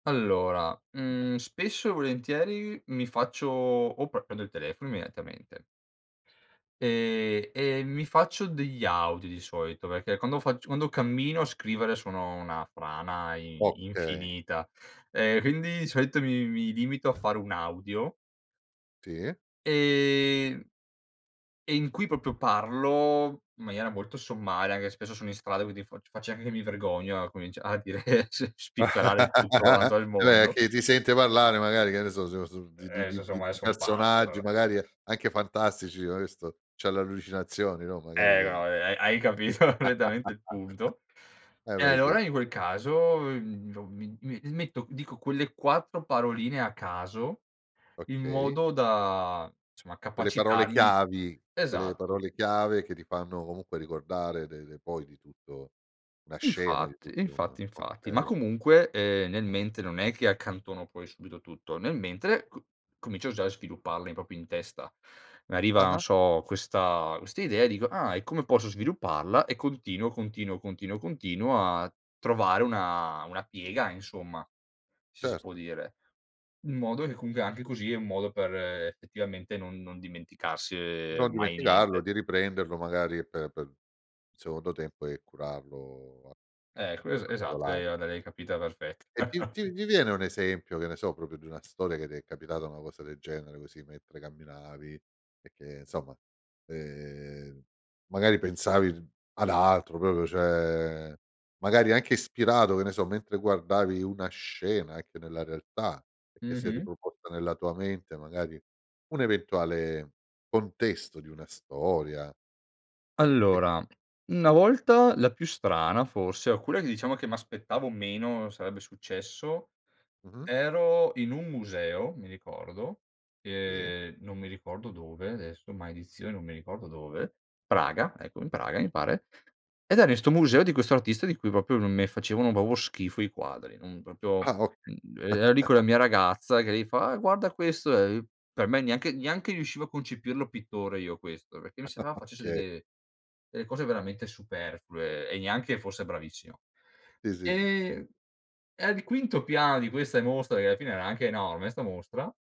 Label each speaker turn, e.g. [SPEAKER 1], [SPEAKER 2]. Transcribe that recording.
[SPEAKER 1] Allora, mhmm, spesso e volentieri mi faccio o prendo il telefono immediatamente. Ehm, e mi faccio degli audio di solito, perché quando facc quando cammino a scrivere sono una frana i
[SPEAKER 2] Okay.
[SPEAKER 1] infinita e quindi di solito mi mi limito a fare un audio.
[SPEAKER 2] Sì.
[SPEAKER 1] Ehm e in cui proprio parlo in maniera molto sommaria, anche spesso sono in strada, quindi fa faccio anche che mi vergogno a comincia a dire, s spifferare tutto quanto al
[SPEAKER 2] Cioè,
[SPEAKER 1] mondo.
[SPEAKER 2] che ti sente parlare magari, che ne so, so so so, di di
[SPEAKER 1] Eh,
[SPEAKER 2] di di
[SPEAKER 1] casomai son pazzi, ma
[SPEAKER 2] personaggi
[SPEAKER 1] vabbè.
[SPEAKER 2] magari anche fantastici: "Ma questo c'ha le allucinazioni", no? Magari
[SPEAKER 1] Eh,
[SPEAKER 2] che
[SPEAKER 1] no eh. Hai hai capito correttamente il punto.
[SPEAKER 2] eh,
[SPEAKER 1] E
[SPEAKER 2] beh,
[SPEAKER 1] allora
[SPEAKER 2] sì.
[SPEAKER 1] in quel caso, mhmm, m m metto dico quelle 4 paroline a caso in
[SPEAKER 2] Okay.
[SPEAKER 1] modo da insomma,
[SPEAKER 2] Quelle parole
[SPEAKER 1] capacitarmi
[SPEAKER 2] chiavi, quelle
[SPEAKER 1] esatto.
[SPEAKER 2] parole chiave che ti fanno comunque ricordare de de poi di tutto una scena, di
[SPEAKER 1] Infatti,
[SPEAKER 2] tutto un
[SPEAKER 1] infatti, infatti, ma
[SPEAKER 2] okay.
[SPEAKER 1] comunque, ehm, nella mente non è che accantono poi subito tutto, nel mentre c comincio già a svilupparla proprio in testa. Arriva, non
[SPEAKER 2] Ah-ah.
[SPEAKER 1] so, questa questa idea e dico: "Ah, e come posso svilupparla?" E continuo, continuo, continuo, continuo a trovare una una piega, insomma, se si può
[SPEAKER 2] Certo.
[SPEAKER 1] dire. In modo che comunque anche così è un modo per effettivamente non non dimenticarsi
[SPEAKER 2] Non
[SPEAKER 1] mai
[SPEAKER 2] dimenticarlo
[SPEAKER 1] niente.
[SPEAKER 2] di riprenderlo, magari per per secondo tempo e curarlo a
[SPEAKER 1] Ecco,
[SPEAKER 2] nei
[SPEAKER 1] esa-esatto, l'hai
[SPEAKER 2] particolari.
[SPEAKER 1] l'hai capita perfet
[SPEAKER 2] E ti ti ti viene un esempio, che ne so, proprio di una storia che ti è capitata, una cosa del genere così, mentre camminavi e che, insomma, ehm, magari pensavi ad altro proprio, cioè magari anche ispirato, che ne so, mentre guardavi una scena anche nella realtà, che si è
[SPEAKER 1] Mh-mh.
[SPEAKER 2] riproposta nella tua mente, magari un eventuale contesto di una storia e e che
[SPEAKER 1] Allora, una volta la più strana forse, alcune che diciamo che m'aspettavo meno sarebbe successo,
[SPEAKER 2] Mh-mh.
[SPEAKER 1] ero in un museo, mi ricordo,
[SPEAKER 2] Sì.
[SPEAKER 1] e non mi ricordo dove adesso, maledizione, non mi ricordo dove. Praga, ecco, in Praga mi pare, ed era in 'sto museo di questo artista di cui proprio non me facevano proprio schifo i quadri, non proprio,
[SPEAKER 2] Ah, okay.
[SPEAKER 1] mhmm, ero lì con la mia ragazza che lei fa: "Eh, guarda questo, eh." Per me neanche neanche riuscivo a concepirlo pittore io questo, perché mi sembrava facesse
[SPEAKER 2] Okay.
[SPEAKER 1] delle delle cose veramente superflue e neanche fosse bravissimo.
[SPEAKER 2] Sì, sì, sì.
[SPEAKER 1] Ehm, e al quinto piano di questa mostra che alla fine era anche enorme, 'sta mostra